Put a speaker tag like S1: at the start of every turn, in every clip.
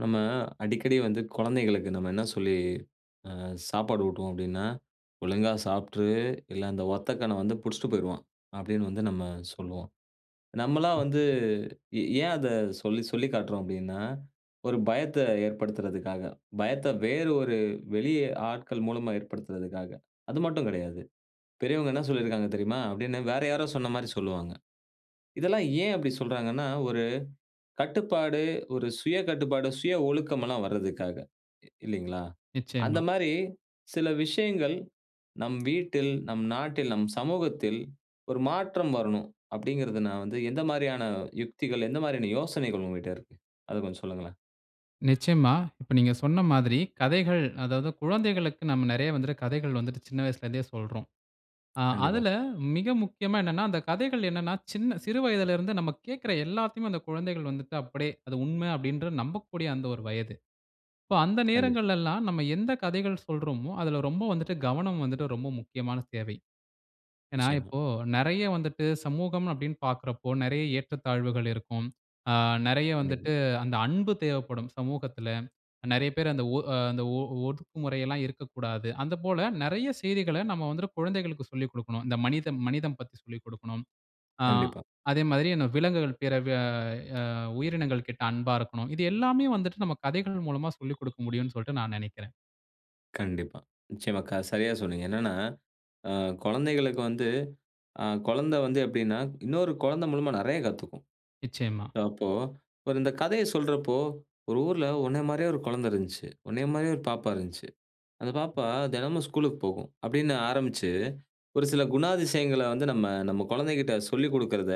S1: நம்ம அடிக்கடி வந்து கொழந்தைகளுக்கு நம்ம என்ன சொல்லி, அ சாப்பாடு ஊட்டுவோம் அப்பிடீன்னா, "ஒழுங்கா சாப்ட்டுரு! இல்ல அந்த ஒத்த கண்ணன் வந்து புடிச்சிட்டு போயிருவான்." அப்பிடீன்னு வந்து நம்ம சொல்லுவோம். நம்மல்லாம் வந்து
S2: [unintelligible]
S1: எ ஏன் அத சொல்லி சொல்லி காட்றோம் அப்பிடீன்னா, ஒரு பயத்த ஏற்படுத்துறதுக்காக. பயத்த வேறு ஒரு வெளி ஆட்கள் மூலமா ஏற்படுத்துறதுக்காக. அது மட்டும் கெடையாது. "பெரியவங்க என்ன சொல்லிருக்காங்க தெரியுமா?" அப்பிடீன்னு வேற யாரோ சொன்னமாரி சொல்வாங்க. இதெல்லாம் ஏன் அப்புடி சொல்றாங்கன்னா, ஒரு கட்டுப்பாடு, ஒரு சுய கட்டுப்பாடு, சுய ஒழுக்கம் எல்லாம் வர்றதுக்காக. இ இல்லீங்களா?
S2: நிச்சயமா.
S1: அந்தமாரி சில விஷயங்கள் நம் வீட்டில், நம் நாட்டில், நம் சமூகத்தில் ஒரு மாற்றம் வரணும் அப்பிடீங்கிறது நான் வந்து எந்த மாரியான யுக்திகள், எந்த மாரியான யோசனைகள் உங்ககிட்ட இருக்கு. அத கொஞ்சம் சொல்லுங்களேன்.
S2: நிச்சயமா. இப்ப, நீங்க சொன்ன மாதிரி கதைகள் அதாவது குழந்தைகளுக்கு நாம நெறைய வந்து கதைகள் வந்துட்டு சின்ன வயசுல இருந்தே சொல்றோம். அ,
S1: கண்டிப்பா.
S2: அதுல மிக முக்கியமா என்னன்னா அந்த கதைகள் என்னன்னா சின்ன சிறு வயதில இருந்து நம்ம கேக்குற எல்லாத்தயுமே அந்த குழந்தைகள் வந்துட்டு அப்டீயே! அது உண்ம அப்டீன்ற நம்பக்கூடிய அந்த ஒரு வயது. இப்போ, அந்த
S1: கண்டிப்பா.
S2: நேரங்கள்ல எல்லாம் நம்ம எந்த கதைகள் சொல்றோமோ, அதுல ரொம்ப வந்துட்டு கவனம் வந்துட்டு ரொம்ப முக்கியமான தேவை. ஏன்னா,
S1: நிச்சயமா.
S2: இப்போ நெறைய வந்துட்டு சமூகம் அப்பிடீன்னு பாக்குறப்போ நெறைய ஏற்றத்தாழ்வுகள் இருக்கும். அ, நெறைய
S1: கண்டிப்பா.
S2: வந்துட்டு அந்த அன்பு தேவைப்படும், சமூகத்துல. நெறைய பேர் அந்த ஒ அ, அந்த ஒ ஒதுக்குமுறை எல்லாம் இருக்கக்கூடாது, அந்த போல நெறைய செய்திகள நம்ம வந்துட்டு குழந்தைகளுக்கு சொல்லிக் குடுக்கணும். இந்த மனிதம், மனிதம் பத்தி சொல்லிக் குடுக்கணும். ஆ,
S1: கண்டிப்பா.
S2: அதேமாதிரியே இந்த விலங்குகள் பேர வெ அ உயிரினங்கள் கிட்ட அன்பா இருக்கணும். இது எல்லாமே வந்துட்டு நம்ம கதைகள் மூலமா சொல்லிக் குடுக்க முடியுன்னு சொல்ட்டு நான் நெனைக்கிறேன்.
S1: கண்டிப்பா, நிச்சயமா. க சரியா சொன்னீங்க. என்னன்னா அ குழந்தைகளுக்கு வந்து அ குழந்த வந்து எப்டீன்னா, இன்னொரு குழந்தை மூலமா நெறைய கத்துக்கும்.
S2: நிச்சயமா.
S1: அப்போ, இப்ப இந்த கதைய சொல்றப்போ, "ஒரு ஊர்ல உன்னைய மாரியே ஒரு குழந்த இருந்துச்சு. உன்னைய மாரியே ஒரு பாப்பா இருந்துச்சு. அந்த பாப்பா தினமும் ஸ்கூல்க்கு போகும்." அப்படீன்னு ஆரம்பிச்சு, ஒரு சில குணாதிசயங்கள வந்து நம்ம நம்ம குழந்தைகிட்ட சொல்லிக் குடுக்குறத,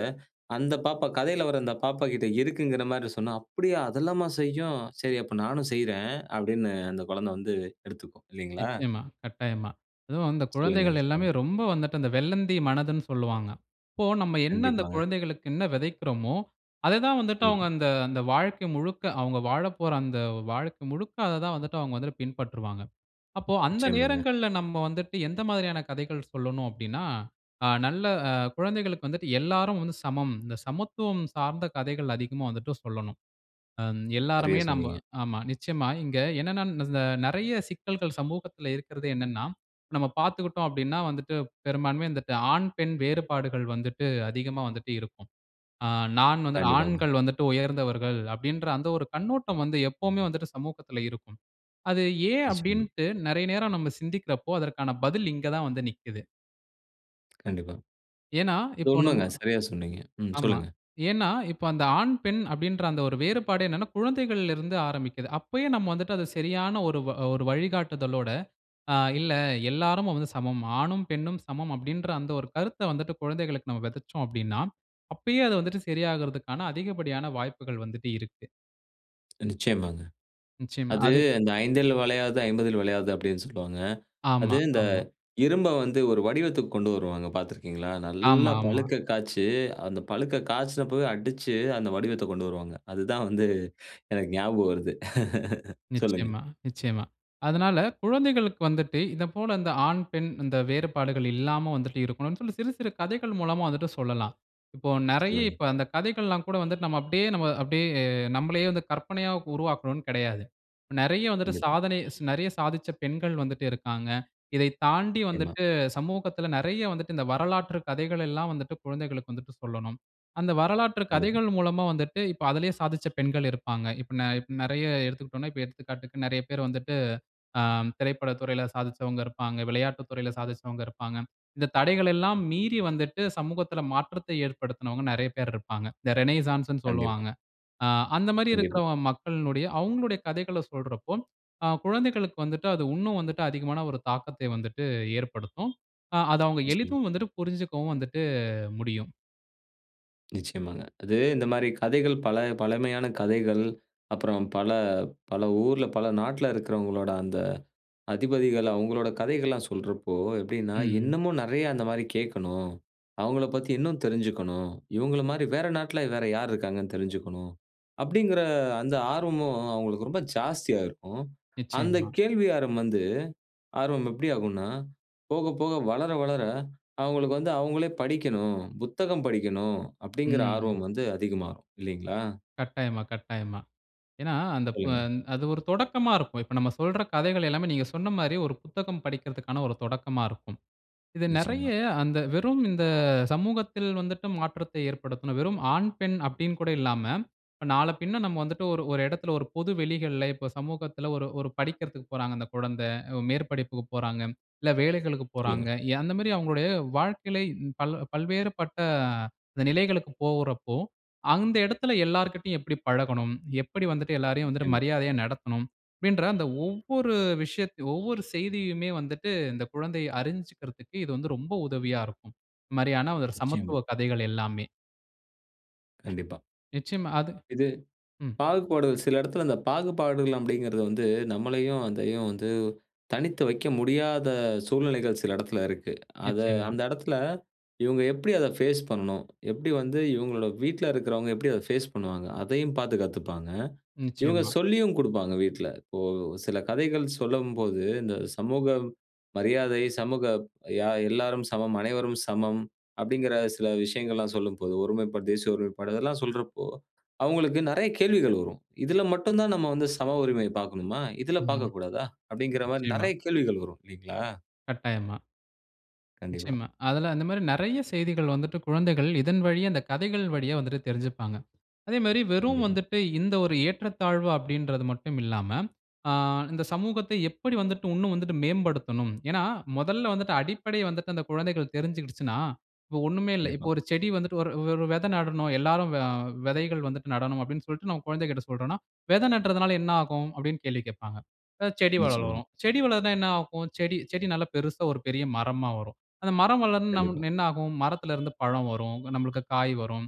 S1: அந்த பாப்பா கதைல வர அந்த பாப்பா கிட்ட இருக்குங்குற மாரி சொன்னா, "அப்படியா! அதெல்லாம செய்யும். சரி, அப்ப நானும் செய்றேன்." அப்படீன்னு அந்த கொழந்த வந்து எடுத்துக்கும், இல்லிங்களா?
S2: நிச்சயமா, கட்டாயமா. அதுவும் அந்த
S1: சொல்லுங்க,
S2: குழந்தைகள்
S1: சொல்லுங்க.
S2: எல்லாமே ரொம்ப வந்துட்டு, அந்த வெள்ளந்தி மனதுன்னு சொல்லுவாங்க. அப்போ நம்ம என்ன அந்த
S1: கண்டிப்பாங்க.
S2: குழந்தைகளுக்கு என்ன வெதைக்குறோமோ, அத தான் வந்துட்டு அவங்க
S1: கண்டிப்பா.
S2: அந்த அந்த வாழ்க்கை முழுக்க அவங்க வாழப்போற அந்த வாழ்க்கை முழுக்க, அத தான் வந்துட்டு அவங்க வந்துட்டு பின்பற்றுவாங்க. அப்போ அந்த
S1: நிச்சயமாங்க.
S2: நேரங்கள்ல நம்ப வந்துட்டு, "எந்த மாதிரியான கதைகள் சொல்லணும்?" அப்படீன்னா, ஆ நல்ல குழந்தைகளுக்கு வந்துட்டு எல்லாரும் வந்து சமம். இந்த சமத்துவம் சார்ந்த கதைகள் அதிகமா வந்துட்டு சொல்லணும். அம் எல்லாருமே
S1: சரியா
S2: நம்ப
S1: சொன்னீங்க.
S2: ஆமா, நிச்சயமா. இங்க என்னன்னா ம் இதுல நெறைய சிக்கல்கள் சமூகத்துல இருக்குறது என்னன்னா, நம்ம பாத்துக்குட்டோம் அப்படீன்னா வந்துட்டு பெரும்பான்மையா வந்துட்டு, ஆண் பெண் வேறுபாடுகள் வந்துட்டு அதிகமா வந்துட்டு இருக்கும். ஆ நான் வந்துட்டு
S1: கண்டிப்பாங்க.
S2: "ஆண்கள் வந்துட்டு உயர்ந்தவர்கள்" அப்படீன்ற அந்த ஒரு கண்ணோட்டம் வந்து எப்பவுமே வந்துட்டு சமூகத்துல இருக்கும். அது ஏன்
S1: நிச்சயமா.
S2: அப்படீன்ட்டு நெறைய நேரம் நம்ம சிந்திக்குறப்போ, அதற்கான பதில் இங்க தான் வந்து நிக்குது.
S1: கண்டிப்பா.
S2: ஏன்னா,
S1: அது
S2: இப்போ நம்ம
S1: உண்மைங்க. சரியா சொன்னீங்க. ம்
S2: ஆமா.
S1: சொல்லுங்க.
S2: ஏன்னா, இப்போ அந்த ஆண் பெண் அப்படின்ற அந்த ஒரு வேறுபாடு என்னான்னா, குழந்தைகள்ல இருந்து ஆரம்பிக்குது. அப்பயே நம்ம வந்துட்டு அத சரியான ஒரு வ அ ஒரு வழிகாட்டுதலோட, ஆ "இல்ல, எல்லாரும் வந்து சமம். ஆணும் பெண்ணும் சமம்." அப்படின்ற அந்த ஒரு கருத்த வந்துட்டு, குழந்தைகளுக்கு நம்ம வெதைச்சோம் அப்படின்னா, அப்பயே அது வந்துட்டு செரியாகறதுக்கான, அதிகப்படியான வாய்ப்புகள் வந்துட்டு இருக்கு.
S1: நிச்சயமாங்க.
S2: நிச்சயமா,
S1: அது
S2: அது
S1: இந்த "5ல் வளையாதது, 50ல் வளையாது" அப்படின்னு சொல்லுவாங்க. அது
S2: ஆமா,
S1: இந்த
S2: ஆமா.
S1: இரும்ப வந்து ஒரு வடிவத்துக்கு கொண்டு வருவாங்க பாத்திருக்கீங்களா?
S2: ஆமா,
S1: நல்லா
S2: ஆமா.
S1: பழுக்க காய்ச்சி, அந்த பழுக்க காய்ச்சனப்பவே அடிச்சு, அந்த வடிவத்தைக் கொண்டு வருவாங்க. அதுதான் வந்து, எனக்கு ஞாபகம் வருது. சொல்லுங்க.
S2: நிச்சயமா, நிச்சயமா. அதனால, குழந்தைகளுக்கு வந்துட்டு, இத போல இந்த ஆண், பெண் இந்த வேறுபாடுகள் இல்லாம வந்துட்டு இருக்கணும்ன்னு சொல்லி, சிறு சிறு கதைகள் மூலமா வந்துட்டு சொல்லலாம். இப்போ நெறைய
S1: சொல்லுங்க.
S2: இப்போ அந்த கதைகள் எல்லாம் கூட வந்துட்டு நம்ம அப்படியே அப்படியே நம்பளையே வந்து, கற்பனையா உருவாக்கணும்ன்னு கிடையாது. நெறைய வந்துட்டு,
S1: கண்டிப்பா.
S2: சாதனை நெறைய சாதிச்ச பெண்கள் வந்துட்டு இருக்காங்க. இதை தாண்டி
S1: நிச்சயமா.
S2: வந்துட்டு சமூகத்தில, நெறைய வந்துட்டு, இந்த வரலாற்று கதைகள் எல்லாம் வந்துட்டு குழந்தைகளுக்கு வந்துட்டு சொல்லணும். அந்த வரலாற்று
S1: கண்டிப்பா.
S2: கதைகள் மூலமா வந்துட்டு, இப்போ அதிலயே சாதிச்ச பெண்கள் இருப்பாங்க. இப்போ நெ இப்ப நெறைய எடுத்துக்கிட்டோம்ன்னா, இப்போ எடுத்துக்காட்டுக்கு நெறைய பேர் வந்துட்டு, ஆ திரைப்பட துறையில சாதிச்சவங்க இருப்பாங்க. விளையாட்டுத் துறையில சாதிச்சவங்க இருப்பாங்க. இந்த தடைகள் எல்லாம் மீறி வந்துட்டு, சமூகத்தில மாற்றத்தை ஏற்படுத்தினவங்க நெறைய பேர் இருப்பாங்க. இந்த ரெனசான்ஸ்ன்னு
S1: கண்டிப்பா.
S2: சொல்லுவாங்க. ஆ அந்த மாரி இருக்கிற
S1: கண்டிப்பா.
S2: மக்களினுடைய அவுங்களுடைய கதைகள சொல்றப்போ, ஆ குழந்தைகளுக்கு வந்துட்டு அது உன்னும் வந்துட்டு, அதிகமான ஒரு தாக்கத்தை வந்துட்டு ஏற்படுத்தும். அத அவுங்க
S1: நிச்சயமா.
S2: எளிதும் வந்துட்டு புரிஞ்சுக்கவும் வந்துட்டு முடியும்.
S1: நிச்சயமாங்க. அது இந்த மாரி கதைகள் பல பழமையான கதைகள், அப்புறம் பல, பல ஊர்ல பல நாட்டுல இருக்கிறவங்களோட அந்த அதிபதிகள் அவங்களுடைய கதைகள் எல்லா சொல்றப்போ எப்படின்னா,
S2: ம்.
S1: இன்னமும் நிறைய அந்த மாதிரி கேட்கணும், அவங்கள பத்தி இன்னும் தெரிஞ்சுக்கணும்,"இவங்கள மாரி வேற நாட்ல வேற யார் இருக்காங்கன்னு தெரிஞ்சுக்கணும்" அப்படிங்கிற அந்த ஆர்வமும் அவங்களுக்கு ரொம்ப ஜாஸ்தியா இருக்கும். அந்த
S2: நிச்சயமா.
S1: கேள்வி ஆர்வம் வந்து ஆர்வம் எப்படி ஆகும்ன்னா, போக போக வளர வளர அவங்களுக்கு வந்து அவங்களே படிக்கணும், புத்தகம் படிக்கணும். "அப்படிங்கிற
S2: ம்.
S1: ஆர்வம் வந்து அதிகமாகும்" இல்லைங்களா?
S2: கட்டாயமா, கட்டாயமா. ஏன்னா, அந்த ப
S1: சொல்லுங்க.
S2: அது ஒரு தொடக்கமா இருக்கும். இப்ப நம்ம சொல்ற கதைகள் எல்லாமே நீங்க சொன்ன மாதிரி ஒரு புத்தகம் படிக்கிறதுக்கான ஒரு தொடக்கமா இருக்கும். இது நெறைய
S1: நிச்சயமா.
S2: அந்த வெறும் இந்த சமூகத்தில வந்துட்டு மாற்றத்தை ஏற்படுத்தணும். வெறும் ஆண், பெண் அப்படின்னு கூட இல்லாம இப்ப நாள பின்ன நாம வந்துட்டு ஒரு ஒரு எடத்தில ஒரு பொது வெளிகள்ல இப்போ சமூகத்தில ஒரு, ஒரு படிக்கிறதுக்கு போறாங்க அந்த குழந்தை. மேற்படிப்புக்கு போறாங்க. இல்ல வேலைகளுக்குப்
S1: சொல்லுங்க.
S2: போறாங்க. அந்த மாதிரி அவங்களுடைய வாழ்க்கையில பல பல்வேறுபட்ட நிலைகளுக்கு போகுறப்போ, அந்த எடத்தில எல்லார் கிட்டயும் எப்படி பழகணும்? எப்படி வந்துட்டு எல்லோரையும் வந்துட்டு
S1: நிச்சயமா.
S2: மரியாதையா நடத்தணும்? அப்படின்ற அந்த ஒவ்வொரு விஷயத் ஒவ்வொரு செய்தியுமே வந்துட்டு இந்த குழந்தைய அறிஞ்சுக்கிறதுக்கு இது வந்து ரொம்ப உதவியா இருக்கும். இந்த மாதிரியான
S1: நிச்சயமா.
S2: சமத்துவ கதைகள் எல்லாமே.
S1: கண்டிப்பா.
S2: நிச்சயமா அது
S1: இது
S2: ம்.
S1: பாகுபாடுகள் சில இடத்தில இந்த பாகுபாடுகள் அப்படிங்கிறது வந்து, நம்மளையும், அதையும் வந்து தனித்து வைக்க முடியாத சூழ்நிலைகள் சில இடத்தில இருக்கு. அதை
S2: நிச்சயமா.
S1: அந்த எடத்தில, இவுங்க எப்டி அத ஃபேஸ் பண்ணனும்? எப்டி வந்து இவங்களுடைய வீட்ல இருக்கிறவங்க, எப்டி அத ஃபேஸ் பண்ணுவாங்க. அதையும் பாத்து கத்துப்பாங்க. இவுங்க
S2: நிச்சயமா.
S1: சொல்லியும் குடுப்பாங்க வீட்ல. இப்போ சில கதைகள் சொல்லம்போது இந்த சமூக மரியாதை, சமூக யா எல்லாரும் சமம், அனைவரும் சமம், அப்படிங்கிற சில விஷயங்கள்லாம் சொல்லும்போது, ஒருமைப்பாடு, தேசிய ஒருமைப்பாடு அதெல்லாம் சொல்றப்போ, அவுங்களுக்கு நெறையா கேள்விகள் வரும். இதில மட்டும் தான் நம்ம வந்து சம உரிமை பாக்கணுமா? இதில
S2: ம்.
S1: பாக்கக்கூடாதா? அப்டிங்கிற மாரி
S2: நிச்சயமா.
S1: நெறையா கேள்விகள் வரும், இல்லைங்களா?
S2: கட்டாயமா.
S1: கண்டிப்பா.
S2: நிச்சயமா. அதில அந்த மாரி நெறையா செய்திகள் வந்துட்டு, குழந்தைகள் இதன் வழியா, அந்த கதைகள் வழியா வந்துட்டு தெரிஞ்சுப்பாங்க. அதே மாரி வெறும்
S1: கண்டிப்பா
S2: வந்துட்டு, இந்த ஒரு ஏற்றத்தாழ்வு அப்படின்றது மட்டும் இல்லாம, ஆ இந்த சமூகத்தை எப்படி வந்துட்டு உன்னும் வந்துட்டு மேம்படுத்தணும்? ஏன்னா, மொதல்ல வந்துட்டு அடிப்படை வந்துட்டு, அந்த குழந்தைகள் தெரிஞ்சுகிடுச்சுன்னா இப்போ ஒண்ணுமே இல்ல. இப்போ
S1: கண்டிப்பா.
S2: ஒரு செடி வந்துட்டு ஒரு ஒரு வெத நடணும். எல்லோரும் வ வெதைகள் வந்துட்டு நடணும் அப்படின்னு சொல்லிட்டு, நம்ம கொழந்தைகள்ட சொல்றோன்னா, "வெதை நட்டுறதனால என்ன ஆகும்?" அப்படின்னு கேள்வி கேட்ப்பாங்க. "அ செடி
S1: நிச்சயமா.
S2: வளரும்" "செடி வளர்ந்தா என்ன ஆகும்?" "செடி செடி நல்லா பெரிசா ஒரு பெரிய மரமா வரும்." "அந்த மரம் வளர்ந்து நம்
S1: கண்டிப்பா.
S2: என்ன ஆகும்?" "மரத்தில இருந்து பழம் வரும். இங்க நம்ளுக்கு காய் வரும்."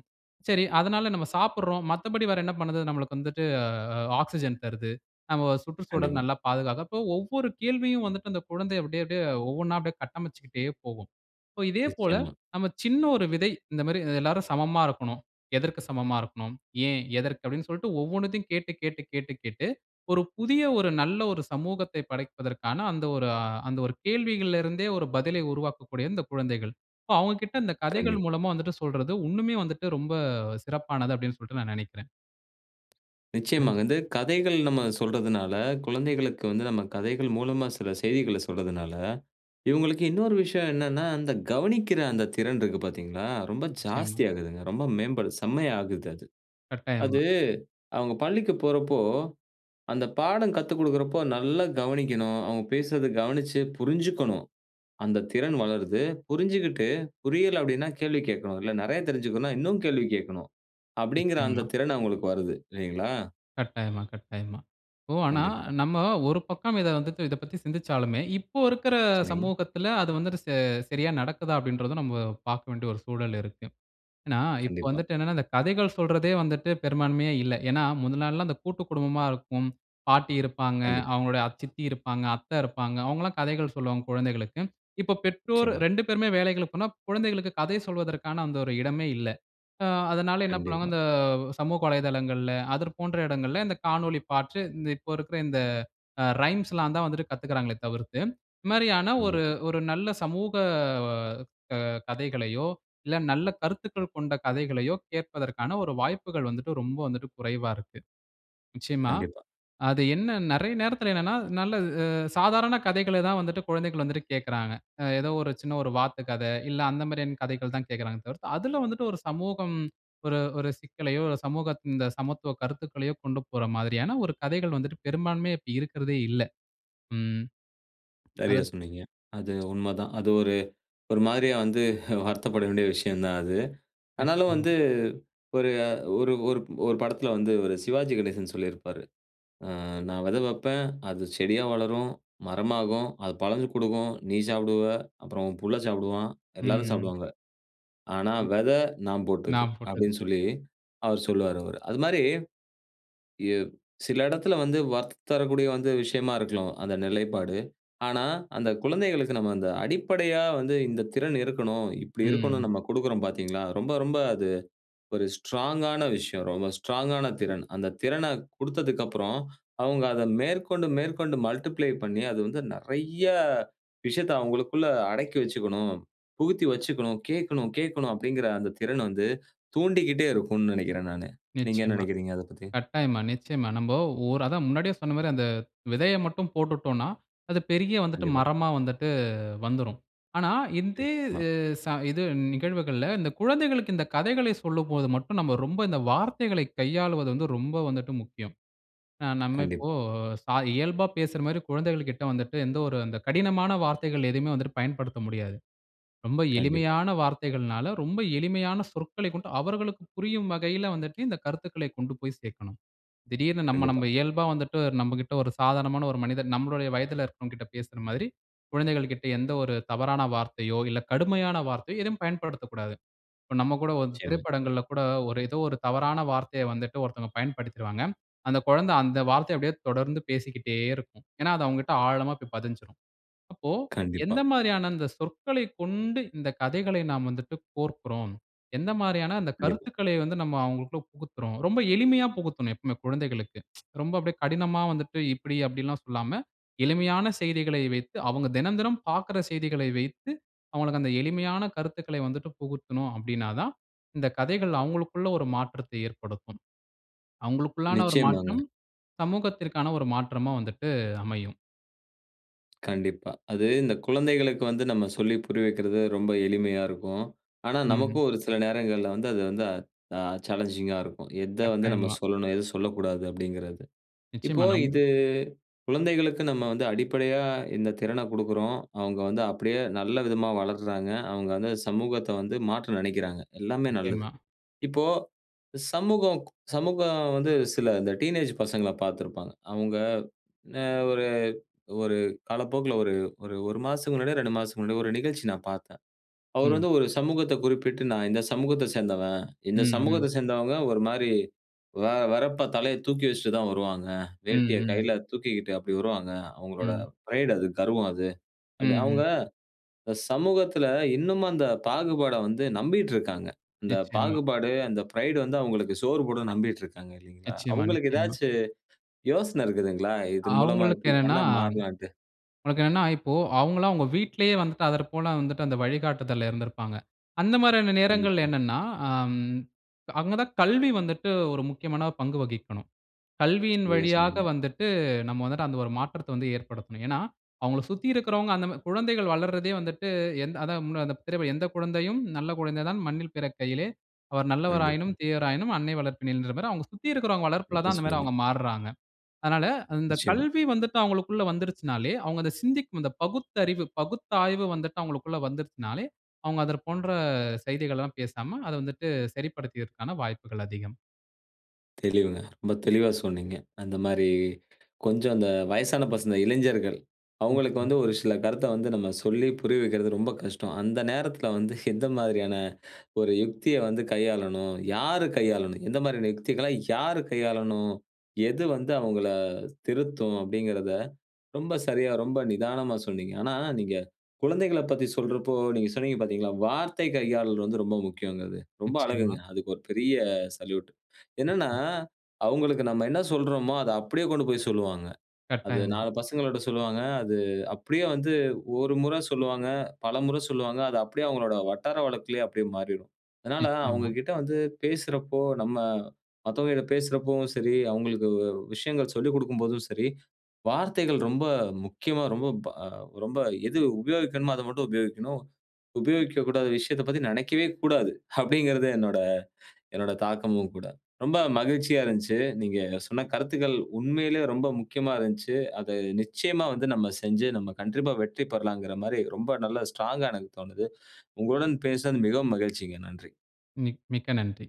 S2: "சரி, அதனால நம்ம சாப்பிடுறோம். மத்தபடி வேற என்ன பண்ணுது?" "நமக்கு வந்துட்டு, ஆக்ஸிஜன் தருது. நமம சுற்றுச்சூழல்
S1: கண்டிப்பா.
S2: நல்லா பாதுகாக்குது." அப்போ ஒவ்வொரு கேள்வியும் வந்துட்டு அந்த குழந்தை அப்டியே அப்டியே, ஒவ்வொண்ணா அப்படியே கட்டமைச்சுக்கிட்டே போகும். இப்போ இதே போல,
S1: நிச்சயமா.
S2: நம்ம சின்ன ஒரு விதை "இந்த மாரி எல்லாரும் சமமா இருக்கணும். எதற்கு சமமா இருக்கணும்? ஏன்? எதற்கு?" அப்படின்னு சொல்ட்டு ஒவ்வொண்ணத்தயும் கேட்டு கேட்டு கேட்டு கேட்டு ஒரு புதிய, ஒரு நல்ல ஒரு சமூகத்தை படைப்பதற்கான, அந்த ஒரு அந்த ஒரு கேள்விகள்ல இருந்தே, ஒரு பதிலை உருவாக்கக்கூடிய இந்த குழந்தைகள். அப்ப அவுங்ககிட்ட இந்த கதைகள்
S1: கண்டிப்பா.
S2: மூலமா வந்துட்டு சொல்றது, உன்னுமே வந்துட்டு ரொம்ப சிறப்பானது. அப்டின்னு சொல்ட்டு நான் நெனைக்கிறேன். அ.
S1: நிச்சயமா வந்து, கதைகள் நம்ம சொல்றதனால, குழந்தைகளுக்கு வந்து, நம்ம கதைகள் மூலமா, சில செய்திகள சொல்றதனால, இவுங்களுக்கு இன்னொரு விஷயம் என்னனா, அந்த கவனிக்கிற அந்த திறன் இருக்கு பாத்தீங்களா, ரொம்ப
S2: நிச்சயமா.
S1: ஜாஸ்தி ஆகுதுங்க. ரொம்ப மேம்படு, செம்மையா ஆகுது அது.
S2: கட்டாயமா.
S1: அது, அவுங்க பள்ளிக்கு போறப்போ, அந்த பாடம் கத்துக்கொடுக்கிறப்போ, நல்லா கவனிக்கணும். அவுங்க பேசுறத, கவனிச்சு புரிஞ்சுக்கணும். அந்த திறன் வளருது. புரிஞ்சுகிட்டு, புரியல அப்படினா கேள்வி கேக்கணும். இல்ல, நெறயா தெருச்சுக்கணுனா, இன்னு கேள்வி கேக்கணும். அப்படிங்கிற, அந்த
S2: நிச்சயமா.
S1: திறன் அவங்களுக்கு வருது. இல்லைங்களா?
S2: கட்டாயமா, கட்டாயமா. ஓ! ஆனா,
S1: கண்டிப்பா.
S2: நம்ம ஒரு பக்கம், இத வந்துட்டு, இத பத்தி சிந்திச்சாலுமே, இப்போ இருக்கிற
S1: சரிங்க.
S2: சமூகத்தில, அது வந்துட்டு, ச சரியா நடக்குதா, அப்டின்றதும் நம்ம பாக்க வேண்டிய, ஒரு சூழல் இருக்கு. ஏனா, இப்ப
S1: கண்டிப்பா.
S2: வந்துட்டு என்னனா, இந்த கதைகள் சொல்றதே வந்துட்டு, பெரும்பான்மையா இல்ல. ஏனா, முத நாள்லாம் அந்த கூட்டுக்குடும்பமா இருக்கும். பாட்டி இருப்பாங்க.
S1: கண்டிப்.
S2: அவங்களுடைய அத்-சித்தி இருப்பாங்க, அத்த இருப்பாங்க. அவுங்களா கதைகள் சொல்வாங்க குழந்தைகளுக்கு. இப்ப, பெற்றோர்
S1: நிச்சயமா.
S2: 2 பேருமே வேலைகளுக்கு போனா, குழந்தைகளுக்கு கதை சொல்வதற்கான அந்த ஒரு இடமே இல்ல. ஆ, அதனால என்ன பண்ணுவாங்க,
S1: கண்டிப்பா.
S2: இந்த, சமூக வலைதளங்கள்ல, அதர் போன்ற இடங்கள்ல இந்த காணொளி பாற்று. இந்த, இப்ப இருக்குற இந்த ரைம்ஸ்ல்லாந்தான் வந்துட்டு, கத்துக்கிறாங்களே தவிர்த்து. இந்த மாரியான, ஒரு
S1: கண்டிப்பா.
S2: ஒரு நல்ல சமூக கதைகளையோ, இல்ல நல்ல கருத்துக்கள் கொண்ட கதைகளையோ கேட்பதற்கான ஒரு வாய்ப்புகள் வந்துட்டு, ரொம்ப வந்துட்டு குறைவா இருக்கு. நிச்சயமா.
S1: கண்டிப்பா.
S2: அது என்ன, நெறய நேரத்தில என்னனா, நல்ல சாதாரண கதைகள தான் வந்துட்டு, குழந்தைகள் வந்துட்டு கேட்குறாங்க. ஏதோ ஒரு சின்ன ஒரு வாத்து கத, இல்ல அந்த மாரியான கதைகள் தான் கேட்கிறாங்களே தவிர்த்து, அதில வந்துட்டு ஒரு சமூகம், ஒரு ஒரு சிக்கலையோ, இல்ல சமூகத்தின் இந்த சமத்துவ கருத்துக்களையோ கொண்டு போர்ற மாரியான, ஒரு கதைகள் வந்துட்டு பெரும்பான்மையா, இப்ப இருக்கிறதே இல்ல. ம்.
S1: சரியா
S2: அதற்க்
S1: சொன்னீங்க. அது உண்மதான். அது ஒரு, ஒரு மாரியா வந்து, வருத்தப்பட வேண்டிய விஷயந்தான் அது. ஆனாலு
S2: நிச்சயமா.
S1: வந்து, ஒரு ஒரு ஒரு-ஒரு படத்தில வந்து, இவரு சிவாஜி கணேசன் சொல்லியிருப்பாரு. அ, நா வெத வப்பேன். அது செடியா வளரும். மரமாகும். அது பழங்க கொடுக்கும். நீ சாப்பிடுவ. அப்புறம் உன் புள்ள சாப்பிடுவான்.
S2: ம்.
S1: எல்லாரும்
S2: ம்.
S1: சாப்பிடுவாங்க. ஆனா
S2: ம்.
S1: வெத, நா
S2: நா,
S1: போட்டது.
S2: போட்டது.
S1: அப்படின்னு சொல்லி, அவர் சொல்வாரு, அவரு. அதுமாரி. ஏவ் சில இடத்தில வந்து, வரத்து தரக்கூடிய வந்து விஷயமா இருக்கணும் அந்த நிலைப்பாடு. ஆனா, அந்த குழந்தைகளுக்கு நம்ம, அந்த அடிப்படையா வந்து, இந்த திறன் இருக்கணும், இப்படி இருக்கணும்.
S2: ம்.
S1: நம்ம கொடுக்கிறோம் பாத்தீங்களா? ரொம்ப, ரொம்ப அது, ஒரு ஸ்ட்ராங்கான விஷயம். ரொம்ப ஸ்ட்ராங்கான திறன். அந்த திறனக் கொடுத்ததுக்கப்புறம், அவுங்க அத, மேற்கொண்டு, மேற்கொண்டு மல்டிப்ளை பண்ணி, அது வந்து நெறய, விஷயத்தை அவங்களுக்குள்ள அடக்கி வச்சுக்கணும். புகுத்தி வச்சுக்கணும், கேட்கணும் கேட்கணும் அப்படிங்கிற அந்த திறன வந்து, தூண்டிக்கிட்டே இருக்கும்னு நெனைக்கிறேன் நானு. நீங்க என்ன
S2: நிச்சயமா.
S1: நெனக்கிறீங்க, அதப் பத்தி?
S2: கட்டாயமா, நிச்சயமா. நம்ம ஒரு அதான் முன்னாடியே சொன்ன மாரி அந்த விதய மட்டும் போட்டுட்டோனா, அது பெரிய வந்துட்டு
S1: கண்டிப்பா.
S2: மரமா வந்துட்டு, வந்துரும். ஆனா, இந்தே
S1: நிச்யமா.
S2: எ ச இது நிகழ்வுகள்ல இந்த குழந்தைகளுக்கு இந்த கதைகளை சொல்லும்போது மட்டும், நம்ம ரொம்ப இந்த வார்த்தைகளை, கையாளுவது வந்து ரொம்ப வந்துட்டு முக்கியம். நம்ம இப்போ
S1: கண்டிப்பா.
S2: சா இயல்பா பேசுற மாரி குழந்தைகள் கிட்ட வந்துட்டு, எந்த ஒரு அந்த கடினமான வார்த்தைகள் எதுவுமே வந்துட்டு பயன்படுத்த முடியாது. ரொம்ப
S1: கண்டிப்பா.
S2: எளிமையான வார்த்தைகள்னால, ரொம்ப எளிமையான சொற்களைக் கொண்டு, அவர்களுக்கு புரியும் வகையில வந்துட்டு, இந்த கருத்துக்களை கொண்டு போய் சேர்க்கணும். திடீர்னு,
S1: கண்டிப்பா.
S2: நம்ம-நம்ம இயல்பா வந்துட்டு, நம்மகிட்ட ஒரு சாதாரணமான ஒரு மனிதன் நம்முடைய வயதில இருக்குறவங்ககிட்ட பேசுற மாதிரி, குழந்தைகள் கிட்ட எந்த ஒரு தவறான வார்த்தையோ இல்ல, கடுமையான வார்த்தையோ எதுவும் பயன்படுத்தக்கூடாது. இப்ப நம்ம கூட ஒரு
S1: [unintelligible] செம்மி.
S2: திரைப்படங்கள்ல கூட, ஒரு ஏதோ ஒரு தவறான வார்த்தையை வந்துட்டு, ஒருத்தவங்க பயன்படுத்திருவாங்க. அந்த குழந்தை அந்த வார்த்தையை அப்படியே தொடர்ந்து பேசிக்கிட்டே இருக்கும். ஏனா, அது அவங்கட்ட ஆழமா போய் பதிஞ்சுரும். அப்போ,
S1: கண்டிப்பா.
S2: எந்த மாதிரியான இந்த சொற்களைக் கொண்டு, இந்த கதைகளை நாம் வந்துட்டு கோர்க்கிறோம். எந்த மாரியான அந்த
S1: கண்டிப்பா.
S2: கருத்துக்களை வந்து, நம்ம அவர்களுக்குள்ள புகுத்துறோம். ரொம்ப எளிமையா புகுத்தணும் எப்பவுமே குழந்தைகளுக்கு., ரொம்ப அப்படியே கடினமா வந்துட்டு, "இப்படி அப்படிலாம்" சொல்லாம, எளிமையான செய்திகளை வைத்து அவங்க தெனந்தெனம் பார்க்கிற செய்திகளை வைத்து, அவுங்களுக்கு அந்த எளிமையான கருத்துக்களை வந்துட்டு புகுத்தணும். அப்டினாதான், இந்த கதைகள் அவுங்களுக்குள்ள ஒரு மாற்றத்தை ஏற்படுத்தும். அவங்களுக்குள்ளான ஒரு
S1: நிச்சயமாங்க.
S2: மாற்றம், சமூகத்திற்கான ஒரு மாற்றமா வந்துட்டு அமையும்.
S1: கண்டிப்பா. அது இந்த குழந்தைகளுக்கு வந்து நம்ம சொல்லி புரிய வைக்கிறது ரொம்ப எளிமையா இருக்கும். ஆனா,
S2: ம்.
S1: நமக்கும் ஒரு சில நேரங்கள்ல வந்து அது வந்து ஆ சாலஞ்சிங்கா இருக்கும். எத வந்து நம்ம
S2: கட்டாயமா.
S1: சொல்லணும், எத சொல்லக்கூடாது அப்டிங்கிறது. இப்போ
S2: நிச்சியமா. நம்ம
S1: இது, குழந்தைகளுக்கு நம்ம வந்து அடிப்படையா இந்த திறன குடுக்குறோம். அவங்க வந்து அப்டியே நல்ல விதமா வளர்றாங்க. அவங்க வந்து சமூகத்த வந்து மாற்ற நனைக்குறாங்க. எல்லாமே நல்லது.
S2: நிச்சியமா.
S1: இப்போ சமூகம் சமூகம் வந்து சில இந்த டீனேஜ் பசங்கள பார்த்திருப்பாங்க. அவங்க என்ன ஒரு ஒரு காலப்போக்குல ஒரு ஒரு 1 மாசத்துக்கு முன்னாடியோ, 2 மாசத்துக்கு முன்னாடியோ ஒரு நிகழ்ச்சி நான் பார்த்தேன். அவரு
S2: ம்.
S1: வந்து ஒரு சமூகத்த குறிப்பிட்டு, நான் இந்த சமூகத்த சேர்ந்தவன்.
S2: ம்.
S1: இந்த
S2: ம்.
S1: சமூகத்த சேர்ந்தவங்க ஒரு மாரி. வ வெறப்பா தலைய தூக்கி வச்சிட்டு தான் வருவாங்க.
S2: ம்.
S1: வேட்டிய
S2: ம்.
S1: கையில தூக்கிக்கிட்டு அப்டி வருவாங்க. அவர்களோட
S2: ம்.
S1: பிரைட் அது, கர்வம் அது. அப்டி
S2: ம்ஹ்ம்.
S1: அவங்க, இந்த சமூகத்துல இன்னமும் அந்த பாகுபாட வந்து நம்பிட்டுருக்காங்க. இந்த
S2: நிச்சியமா.
S1: பாகுபாடு, அந்த பிரைடு வந்து அவங்களுக்கு சோறு போடும் நம்பிட்டு இருக்காங்க இல்லீங்களா?
S2: நிச்சியமா.
S1: அவங்களுக்கு
S2: நிச்சியமா.
S1: ஏதாச்சு யோசன இருக்குதுங்களா? இதன் மூலமா
S2: அவங்களுக்கு
S1: இப்டி
S2: என்னன்னா
S1: பண்ணா மாறலான்ட்டு.
S2: அவங்களுக்கு என்னனா இப்போ அவங்கலாம், அவங்க வீட்லேயே வந்துட்டு அத போல வந்துட்டு அந்த வழிகாட்டுதல்ல இருந்திருப்பாங்க. அந்த மாரியான நேரங்கள்ல
S1: கண்டிப்பா.
S2: என்னனா அம். அவங்க தான் கல்வி வந்துட்டு ஒரு முக்கியமான பங்கு வகிக்கணும். கல்வியின்
S1: சரியா
S2: வழியாக
S1: சொன்னீங்க.
S2: வந்துட்டு, நம்ம வந்துட்டு அந்த ஒரு மாற்றத்த வந்து ஏற்படுத்தணும். ஏனா, அவங்கள சுத்தி இருக்கிறவங்க அந்த குழந்தைகள் வளர்றதே வந்துட்டு, எந்த அதான் மு பிறவி "எந்த குழந்தையும் நல்ல குழந்தை தான் மண்ணில் பிறக்கையிலே, அவர் நல்லவராயினும்,
S1: கண்டிப்பா.
S2: தீயவராயினும் அன்னை வளர்ப்பின்ற" மாரி அவங்க சுத்தி இருக்கிறவங்க வளர்ப்புல தான்
S1: [unintelligible]
S2: அந்த மாரி
S1: சொன்னீங்க.
S2: அவங்க மாறுறாங்க. அதனால அந்த
S1: நிச்சியமா.
S2: கல்வி வந்துட்டு அவங்களுக்குள்ள வந்துருச்சுனாலே, அவங்க சிந்திக்கும் பகுத்தறிவு, பகுத்த ஆய்வு வந்துட்டு அவங்களுக்குள்ள வந்துருச்சுனாலே அவங்க அதற் போன்ற செய்திகள்லாம் பேசாம, அத வந்துட்டு சரிப்படுத்ததற்கான வாய்ப்புகள் அதிகம்.
S1: தெளிவுங்க. ரொம்ப தெளிவா சொன்னீங்க. அந்த மாரி கொஞ்சம் இந்த வயசான பசங்க இளைஞர்கள் அவங்களுக்கு வந்து
S2: நிச்சயமா.
S1: ஒரு சில கருத்தை வந்து நம்ம சொல்லி புரிய வைக்கிறது ரொம்ப கஷ்டம். அந்த நேரத்தில வந்து எந்த மாதிரியான ஒரு யுக்தியை வந்து கையாளனும், யாரு கையாளனும், எந்த மாரியான யுக்திகளை யார் கையாளணும்? எது வந்து அவங்களை திருத்தும் அப்படிங்கிறதை ரொம்ப சரியா ரொம்ப நிதானமா சொன்னீங்க. ஆனா நீங்க குழந்தைகளைப் பத்தி சொல்றப்போ நீங்க சொன்னீங்க பார்த்தீங்களா, வார்த்தை கையாளல் வந்து ரொம்ப முக்கியம் அது. ரொம்ப அழகுங்க.
S2: நிச்சயமா.
S1: அதுக்கு ஒரு பெரிய சல்யூட். என்னன்னா, அவங்களுக்கு நம்ம என்ன சொல்றோமோ அத அப்படியே கொண்டுபோய் சொல்லுவாங்க. அது
S2: கட்டாயமா.
S1: நாலு பசங்கள்கிட்ட சொல்லுவாங்க. அது அப்படியே வந்து ஒரு முறை சொல்லுவாங்க. பலமுறை சொல்லுவாங்க. அது அப்படியே அவங்களுடைய வட்டார வழக்கிலயே அப்படியே மாறிடும். அதனால
S2: நிச்சயமா.
S1: அவங்ககிட்ட வந்து பேசுறப்போ, நம்ம மத்தவங்ககிட்ட பேசுறப்பவும் சரி, அவங்களுக்கு வு விஷயங்கள் சொல்லிக் கொடுக்கும் போதும் சரி, வார்த்தைகள் ரொம்ப முக்கியமா ரொம்ப ப ரொம்ப எது உபயோகிக்கணும். அதை மட்டும் உபயோகிக்கணும். உபயோகிக்கக்கூடாத விஷயத்தைப் பத்தி நினைக்கவே கூடாது. அப்படிங்கிறது என்னோட என்னோட தாக்கமும் கூட. ரொம்ப மகிழ்ச்சியா இருஞ்ச்சு. நீங்க சொன்ன கருத்துக்கள் உண்மையிலேயே ரொம்ப முக்கியமா இருஞ்சு. அதை நிச்சயமா வந்து நாம செஞ்சு நாம கண்டிப்பா வெற்றி பெறலாங்கிற மாரி, ரொம்ப நல்ல ஸ்ட்ராங்கா எனக்கு தோணுது. உங்களுடன் பேசினது மிகவும் மகிழ்ச்சிங்க. நன்றி.
S2: மிக் மிக்க நன்றி.